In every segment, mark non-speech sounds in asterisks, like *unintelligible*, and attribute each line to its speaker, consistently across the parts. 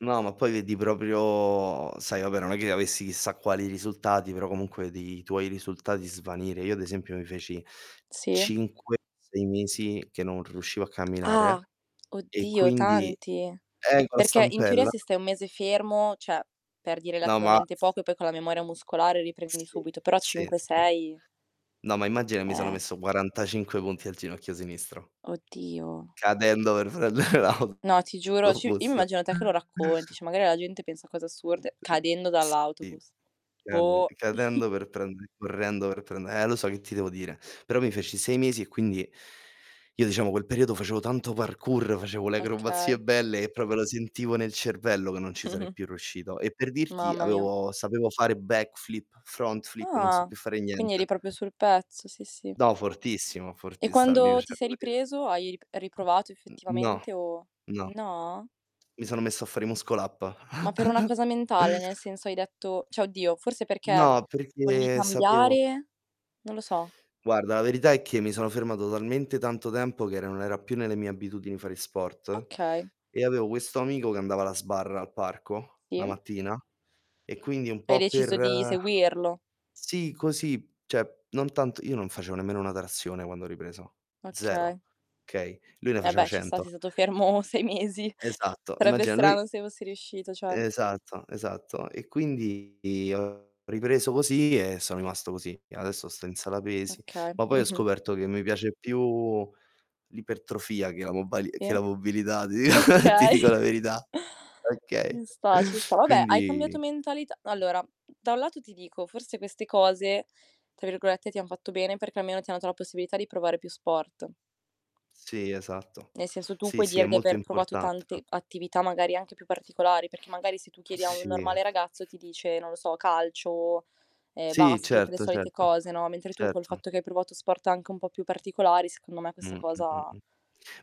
Speaker 1: No, ma poi vedi proprio sai, vabbè non è che avessi chissà quali risultati, però comunque vedi tuoi risultati svanire. Io ad esempio mi feci
Speaker 2: Sì.
Speaker 1: 5, 6 mesi che non riuscivo a
Speaker 2: Ah,
Speaker 1: camminare e
Speaker 2: oddio
Speaker 1: quindi
Speaker 2: tanti.
Speaker 1: eh con la
Speaker 2: Perché in teoria
Speaker 1: stampella.
Speaker 2: se stai 1 mese fermo, cioè perdi
Speaker 1: No, ma
Speaker 2: relativamente poco e poi con la memoria muscolare riprendi
Speaker 1: Sì,
Speaker 2: subito, però
Speaker 1: sì,
Speaker 2: cinque
Speaker 1: sì.
Speaker 2: sei.
Speaker 1: No, ma immagina mi sono
Speaker 2: Eh.
Speaker 1: messo 45 punti al ginocchio sinistro.
Speaker 2: Oddio.
Speaker 1: Cadendo per prendere l'auto
Speaker 2: No ti giuro,
Speaker 1: to
Speaker 2: ci io mi
Speaker 1: bus.
Speaker 2: immagino te che lo racconti,
Speaker 1: *chuckles*
Speaker 2: cioè magari la gente pensa a cose assurde.
Speaker 1: L
Speaker 2: Cadendo
Speaker 1: sì.
Speaker 2: dall'autobus,
Speaker 1: *unintelligible*
Speaker 2: boh. *chuckles*
Speaker 1: cadendo per prendere correndo per prende eh lo so, che ti devo dire? Però mi feci 6 mesi e quindi io diciamo quel periodo facevo tanto parkour, facevo le
Speaker 2: Okay.
Speaker 1: acrobazie belle e proprio lo sentivo nel cervello, che non ci sarei
Speaker 2: Mh-mh.
Speaker 1: più riuscito. E per dirti
Speaker 2: Mamma mia.
Speaker 1: avevo sapevo fare backflip, front flip, non so
Speaker 2: Ah,
Speaker 1: più fare
Speaker 2: quindi eri
Speaker 1: niente.
Speaker 2: proprio sul pezzo, sì, sì.
Speaker 1: No, fortissimo,
Speaker 2: E
Speaker 1: fortiss mi
Speaker 2: quando ti
Speaker 1: piaceva
Speaker 2: sei
Speaker 1: *unintelligible*
Speaker 2: ripreso hai rip riprovato
Speaker 1: N no,
Speaker 2: effettivamente o
Speaker 1: no.
Speaker 2: no?
Speaker 1: Mi sono messo a fare i muscle up.
Speaker 2: Ma per una
Speaker 1: *chuckles*
Speaker 2: cosa mentale, nel senso hai detto cioè oddio, forse perché
Speaker 1: No,
Speaker 2: volevi
Speaker 1: perché sapevo
Speaker 2: cambiare? Non lo so.
Speaker 1: Guarda, la verità è che mi sono fermato talmente tanto tempo che era non era più nelle mie abitudini fare sport,
Speaker 2: Okay.
Speaker 1: e avevo questo amico, che andava alla sbarra al parco, la
Speaker 2: Sì.
Speaker 1: mattina e quindi un
Speaker 2: Hai
Speaker 1: po'
Speaker 2: deciso
Speaker 1: per
Speaker 2: di seguirlo.
Speaker 1: sì, così, cioè non tanto io non facevo nemmeno 1 trazione quando ho ripreso. 0,
Speaker 2: Okay.
Speaker 1: okay? Lui ne
Speaker 2: E
Speaker 1: faceva
Speaker 2: beh ci sta,
Speaker 1: 100.
Speaker 2: sei stato fermo 6 mesi.
Speaker 1: Esatto,
Speaker 2: Sarebbe
Speaker 1: immagina lui
Speaker 2: strano se fossi riuscito, certo.
Speaker 1: Esatto, esatto. E quindi ho ripreso così e sono rimasto così. E adesso sto in sala pesi,
Speaker 2: Okay,
Speaker 1: ma poi ho
Speaker 2: mh-mh.
Speaker 1: scoperto che mi piace più l'ipertrofia che la mobali che
Speaker 2: Sì.
Speaker 1: la mobilità, *chuckles* ti
Speaker 2: Okay.
Speaker 1: dico la verità. Okay,
Speaker 2: Ci sta, ci sta. Vabbè hai cambiato
Speaker 1: quindi
Speaker 2: mentalità allora, da un lato ti dico, forse queste cose tra virgolette "ti han fatto bene" perché almeno ti hanno dato la possibilità di provare più sport.
Speaker 1: Sì, esatto.
Speaker 2: Nel senso tu
Speaker 1: Sì,
Speaker 2: puoi
Speaker 1: sì, è
Speaker 2: dire di
Speaker 1: molto
Speaker 2: aver provato
Speaker 1: importante,
Speaker 2: tante
Speaker 1: anc
Speaker 2: attività, magari anche più particolari, perché magari se tu chiedi a un
Speaker 1: Sì.
Speaker 2: normale ragazzo ti dice, non lo so, calcio, ehm,
Speaker 1: Sì,
Speaker 2: basket, le
Speaker 1: certo,
Speaker 2: solite
Speaker 1: certo,
Speaker 2: cose no, mentre tu col
Speaker 1: certo.
Speaker 2: fatto che hai provato sport anche un po' più particolari secondo me questa
Speaker 1: Mh, mh, mh,
Speaker 2: cosa
Speaker 1: mh.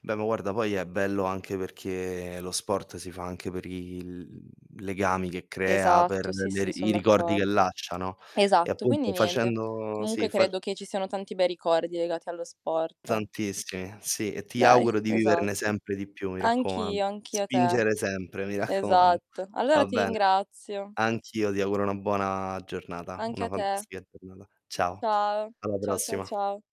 Speaker 1: Beh, ma guarda, poi è bello anche perché lo sport si fa anche per il mhmm, legami che crea,
Speaker 2: Esatto
Speaker 1: per
Speaker 2: sì,
Speaker 1: le
Speaker 2: sì, son
Speaker 1: i ricordi
Speaker 2: d'accord
Speaker 1: che lascia, no, e
Speaker 2: Esatto quindi
Speaker 1: appunto
Speaker 2: niente,
Speaker 1: facendo sì,
Speaker 2: comunque
Speaker 1: fa
Speaker 2: credo che ci siano tanti bei ricordi legati allo sport.
Speaker 1: Tantissimi, sì. E ti
Speaker 2: Dai,
Speaker 1: auguro di viverne
Speaker 2: esatto.
Speaker 1: sempre di più, mi raccomando.
Speaker 2: Anch'io, anch'io a te.
Speaker 1: Spingere sempre, mi raccoman
Speaker 2: Esatto. Allora
Speaker 1: va
Speaker 2: ti
Speaker 1: bene.
Speaker 2: ringrazio.
Speaker 1: Anch'io ti auguro una buona giornata,
Speaker 2: Anche
Speaker 1: una
Speaker 2: a te.
Speaker 1: fantastica giornata. Ciao,
Speaker 2: Ciao,
Speaker 1: alla
Speaker 2: ciao, ciao,
Speaker 1: prossima.
Speaker 2: ciao.